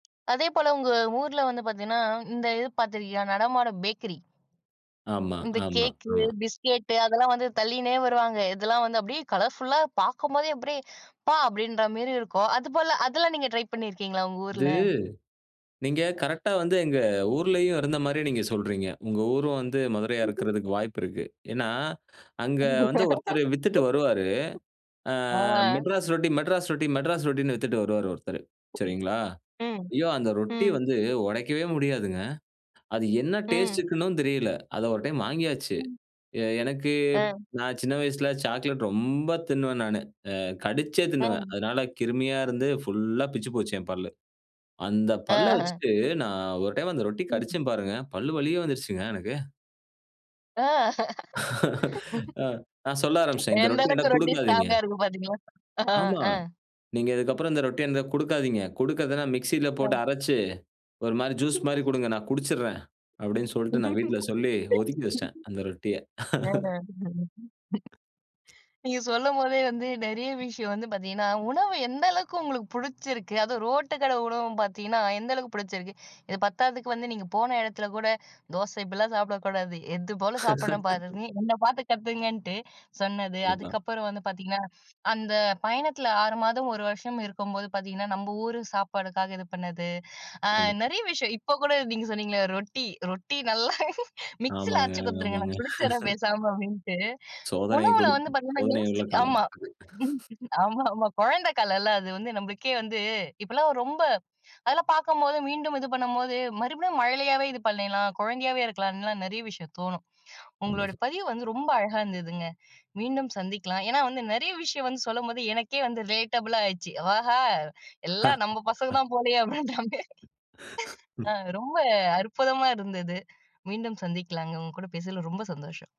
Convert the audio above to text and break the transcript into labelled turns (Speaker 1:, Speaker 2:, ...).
Speaker 1: அதேபோல, உங்க ஊர்ல வந்து பார்த்தீங்கன்னா, இந்த இது பார்த்துருக்கியா நடமாடும் பேக்கரி,
Speaker 2: ஆமா.
Speaker 1: இந்த
Speaker 2: ஆமா.
Speaker 1: கேக்கு,
Speaker 2: ஆமா.
Speaker 1: பிஸ்கேட்டு அதெல்லாம் வந்து தள்ளிகினே வருவாங்க. இதெல்லாம் வந்து அப்டியே கலர்ஃபுல்லா பாக்கும்போதே அப்டியே அப்பா! அப்டின்ற மேரி இருக்கும். அதுபோல அதெல்லாம் நீங்க ட்ரை பண்ணியிருக்கீங்களா? உங்க
Speaker 2: அது,
Speaker 1: ஊர்ல.
Speaker 2: நீங்க கரெக்ட்டா வந்து எங்க ஊர்லயும் இருந்த மாரி நீங்க சொல்றீங்க. உங்க ஊரும் வந்து மதுரையா இருக்கறதுக்கு வாய்ப்பு இருக்கு. ஏன்னா, அங்க வந்து ஒருத்தரு வித்துட்டு வருவாரு. அ
Speaker 1: ஆ.
Speaker 2: "மெட்ராஸ் ரொட்டி, மெட்ராஸ் ரொட்டி, மெட்ராஸ் ரொட்டின்னு" வித்துட்டு வருவாரு ஒருத்தரு. சரிங்களா,
Speaker 1: ம்.
Speaker 2: ஐயோ! அந்த ரொட்டி
Speaker 1: ம்.
Speaker 2: வந்து உடைக்கவே முடியாதுங்க. அது என்ன
Speaker 1: ம்.
Speaker 2: டேஸ்ட்டுக்குன்னும் தெரியல. அத 1 டைம் வாங்கியாச்சு.
Speaker 1: ம்.
Speaker 2: எ எனக்கு,
Speaker 1: அ.
Speaker 2: நான் சின்ன வயசுல சாக்லேட் ரொம்ப தின்னுவன் நானு. அ கடிச்சே தின்னுவன்
Speaker 1: ம்.
Speaker 2: அதனால கிருமியா இருந்து ஃபுல்லா பிச்சு போச்சு என் பல்லு. அந்த பல்ல
Speaker 1: ஆஹ.
Speaker 2: வச்சுட்டு நான் 1 டைம் அந்த ரொட்டி
Speaker 1: ம்.
Speaker 2: கடிச்சேன் பாருங்க. பல்லு வலியே வந்துடுச்சுங்க எனக்கு.
Speaker 1: ஆ,
Speaker 2: ஆ, நான் சொல்ல ஆரம்பிச்சுட்டேன். இந்த
Speaker 1: எந்த
Speaker 2: ரொட்டி
Speaker 1: அளவுக்கு
Speaker 2: எனக்கு
Speaker 1: ரொட்டி
Speaker 2: குடுக்காதீங்க.
Speaker 1: ஸ்ட்ராங்கா இருக்கு பாத்தீங்களா? அஹ
Speaker 2: ஆமா,
Speaker 1: அ.
Speaker 2: நீங்க இதுக்கு அப்புறம் இந்த ரொட்டிய எந் குடுக்காதீங்க. குடுக்கறதுன்னா, மிக்ஸில போட்டு
Speaker 1: அ.
Speaker 2: அரச்சு, ஒரு மாரி ஜூஸ் மாரி குடுங்க, நான் குடிச்சுடறேன். அப்டின்னு சொல்ட்டு நான் வீட்ல சொல்லி ஒதுக்கி வச்சுட்டேன். அந்த ரொட்டிய.
Speaker 1: அஹ. ம். நீங்க சொல்லம்போதே வந்து நெறைய விஷயம் வந்து பார்த்தீங்கன்னா உணவு எந்த அளவுக்கு உங்களுக்கு புடிச்சிருக்கு. அதுவும் ரோட்டு கடை உணவு பார்த்தீங்கன்னா, எந்த அளவுக்கு புடிச்சிருக்கு? இது பத்தாததுக்கு வந்து நீங்க போன இடத்துல கூட, "தோசை இப்டிலாம் சாப்பிடக்கூடாது. எது போல சாப்பிடணும் பாருங்க. என்ன பாத்து கத்துக்கங்கன்ட்டு." சொன்னது
Speaker 2: கண்டிப்பா.
Speaker 1: அதுக்கப்புறம் வந்து பார்த்தீங்கன்னா, அந்த பயணத்துல 6 மாதம், 1 வருஷம் இருக்கும்போது பார்த்தீங்கன்னா, நம்ப ஊரு சாப்பாடுக்காக இது பண்ணது. அ
Speaker 2: கண்டிப்பா.
Speaker 1: நெறைய விஷயம் இப்ப கூட நீங்க சொன்னீங்களே ரொட்டி, "ரொட்டி நல்லா மிக்ஸியில
Speaker 2: ஆமாங்க,
Speaker 1: அரைச்சு குடுத்துருங்க.
Speaker 2: ஆமாங்க.
Speaker 1: நான் குடுச்சிட்ற பேசாம." அப்டின்ட்டு
Speaker 2: சோதனை
Speaker 1: உணவுல வந்து
Speaker 2: குடுத்து.
Speaker 1: பார்த்தீங்கன்னா,
Speaker 2: சோதனை உள்ள
Speaker 1: யோசிக்
Speaker 2: காலம்.
Speaker 1: ஆமா ஆமாமா. கொழந்த காலல்ல அது வந்து நம்மளுக்கே வந்து இப்போலாம் ரொம்ப அதெல்லாம் பார்க்கும்போது மீண்டும் இது பண்ணும்போது மறுபடியும் மழலையாவே இது பண்ணிடலாம். கொழந்தையாவே இருக்கலாம்ன்னுலாம் நெறைய விஷயம் தோணும். உங்களோட
Speaker 2: கண்டிப்பா.
Speaker 1: பதிவு வந்து ரொம்ப அழகா இருந்ததுங்க. மீண்டும் சந்திக்கலாம். ஏன்னா வந்து நெறைய விஷயம் வந்து சொல்லும்போது, எனக்கே வந்து ரிலேட்டபுளாயிச்சு. "ஆஹா எல்லா நம்ப பசங்க தான் போலையே." அப்டின்ட்டாங்க ஆ ரொம்ப அற்புதமா இருந்தது. மீண்டும் சந்திக்கலாங்க. உங்க கூட பேசுனதுல ரொம்ப சந்தோஷம்.